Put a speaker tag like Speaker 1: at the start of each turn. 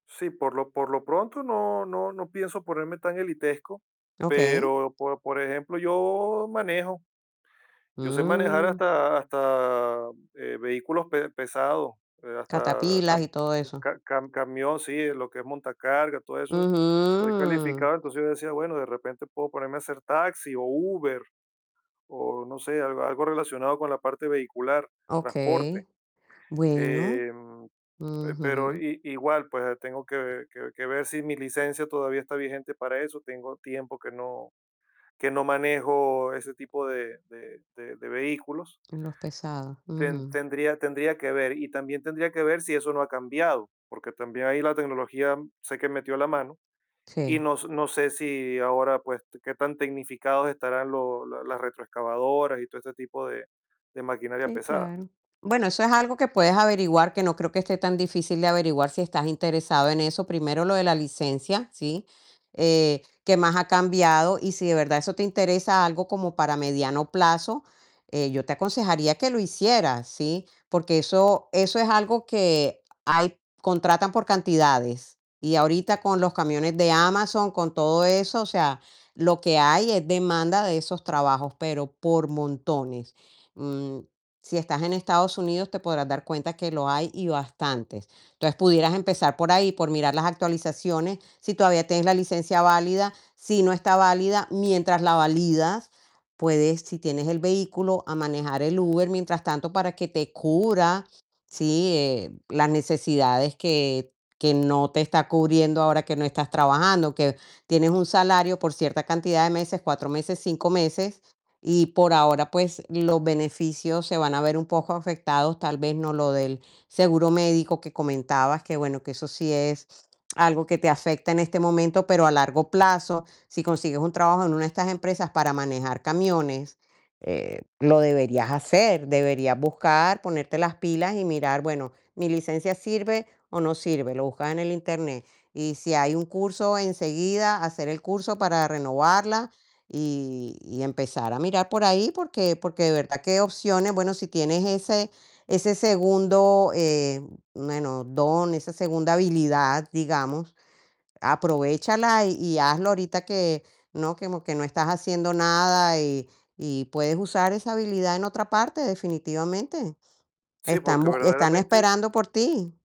Speaker 1: Sí, por lo por lo pronto, no no no pienso ponerme tan elitesco.
Speaker 2: Okey.
Speaker 1: Pero, por por ejemplo, yo manejo. Yo sé manejar,
Speaker 2: Mm.
Speaker 1: hasta hasta, eh, vehículos pe-pesados, eh, hasta
Speaker 2: Catapilas, y todo eso.
Speaker 1: ca-ca-cam-camión. Sí, lo que es montacargas, todo eso. Soy
Speaker 2: Ujú.
Speaker 1: calificado. Entonces, yo decía: "Bueno, de repente, puedo ponerme a hacer taxi o Uber, o no sé, algo algo relacionado con la parte vehicular, transporte".
Speaker 2: Okey, bueno.
Speaker 1: Eh, pe pero,
Speaker 2: Ujú.
Speaker 1: i-igual, pues, tengo que que que ver si mi licencia, todavía está vigente para eso. Tengo tiempo que no que no manejo, ese tipo de de de de vehículos.
Speaker 2: En los pesados. Ujú.
Speaker 1: Ten-tendría tendría que ver. Y también, tendría que ver, si eso no ha cambiado, porque también, ahí la tecnología, sé que metió la mano, y
Speaker 2: Sí.
Speaker 1: no s no sé si ahora, pues, qué tan tecnificados estarán lo la las retroexcavadoras, y todo este tipo de de maquinaria
Speaker 2: Sí,
Speaker 1: pesada.
Speaker 2: claro. Bueno, eso es algo que puedes averiguar, que no creo, que esté tan difícil de averiguar, si estás interesado en eso. Primero lo de la licencia, ¿sí? Eh, qué más ha cambiado, y si de verdad eso te interesa, algo como para mediano plazo, eh, yo te aconsejaría que lo hicieras, ¿sí? Porque eso eso es algo que hay contratan por cantidades. Y ahorita, con los camiones de Amazon, con todo eso, o sea, lo que hay es demanda de esos trabajos, pero por montones. Mm, si estás en Estados Unidos, te podrás dar cuenta, que lo hay, y bastantes. Entonces, pudieras empezar por ahí, por mirar las actualizaciones, si todavía tienes la licencia válida, si no está válida. Mientras la validas, puedes si tienes el vehículo, a manejar el Uber, mientras tanto, para que te cubra, ¿sí?, eh, las necesidades que que no te está cubriendo ahora, que no estás trabajando. Que tienes un salario, por cierta cantidad de meses, 4 meses, 5 meses, y por ahora, pues, los beneficios se van a ver un poco afectados. Tal vez, no lo del seguro médico que comentabas, que bueno, que eso sí es algo que te afecta en este momento. Pero a largo plazo, si consigues un trabajo en una de estas empresas para manejar camiones, eh, lo deberías hacer. Deberías buscar, ponerte las pilas y mirar: "Bueno, ¿mi licencia sirve o no sirve?". Lo buscas en el Internet. Y si hay un curso enseguida, hacer el curso para renovarla, y y empezar a mirar, por ahí. Porque porque de verdad, que opciones Bueno, si tienes ese ese segundo, eh, bueno, don, esa segunda habilidad, digamos, aprovéchala, y hazlo ahorita que no que que no estás haciendo nada. Y y puedes usar esa habilidad en otra parte, definitivamente.
Speaker 1: Sí,
Speaker 2: Están
Speaker 1: porque
Speaker 2: bus están
Speaker 1: verdaderamente
Speaker 2: esperando por ti.